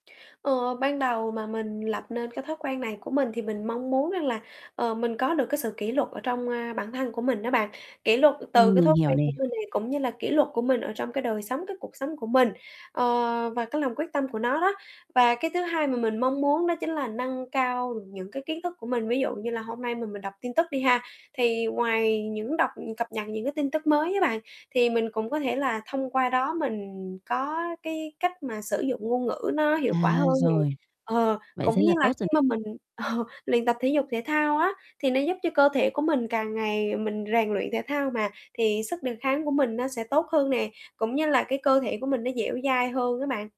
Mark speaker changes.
Speaker 1: Ờ, ban đầu mà mình lập nên cái thói quen này của mình thì mình mong muốn rằng là, ờ, mình có được cái sự kỷ luật ở trong, ơ, bản thân của mình đó bạn, kỷ luật từ
Speaker 2: Ừm,
Speaker 1: cái
Speaker 2: mình
Speaker 1: thói
Speaker 2: hiểu
Speaker 1: quen
Speaker 2: nè.
Speaker 1: của mình này, cũng như là kỷ luật của mình ở trong cái đời sống, cái cuộc sống của mình, ờ, và cái lòng quyết tâm của nó đó. Và cái thứ hai mà mình mong muốn đó chính là nâng cao những cái kiến thức của mình, ví dụ như là hôm nay mà mình đọc tin tức đi ha, thì ngoài những đọc, cập nhật những cái tin tức mới á bạn, thì mình cũng có thể là thông qua đó mình có cái cách mà sử dụng ngôn ngữ nó
Speaker 2: À,
Speaker 1: hiệu quả hơn nè.
Speaker 2: rồi.
Speaker 1: Ờ,
Speaker 2: Vậy thế
Speaker 1: cũng như
Speaker 2: là
Speaker 1: là
Speaker 2: tốt
Speaker 1: khi
Speaker 2: rồi.
Speaker 1: mà mình, ờ, luyện tập thể dục thể thao á thì nó giúp cho cơ thể của mình càng ngày mình rèn luyện thể thao mà, thì sức đề kháng của mình nó sẽ tốt hơn nè, cũng như là cái cơ thể của mình nó dẻo dai hơn á bạn.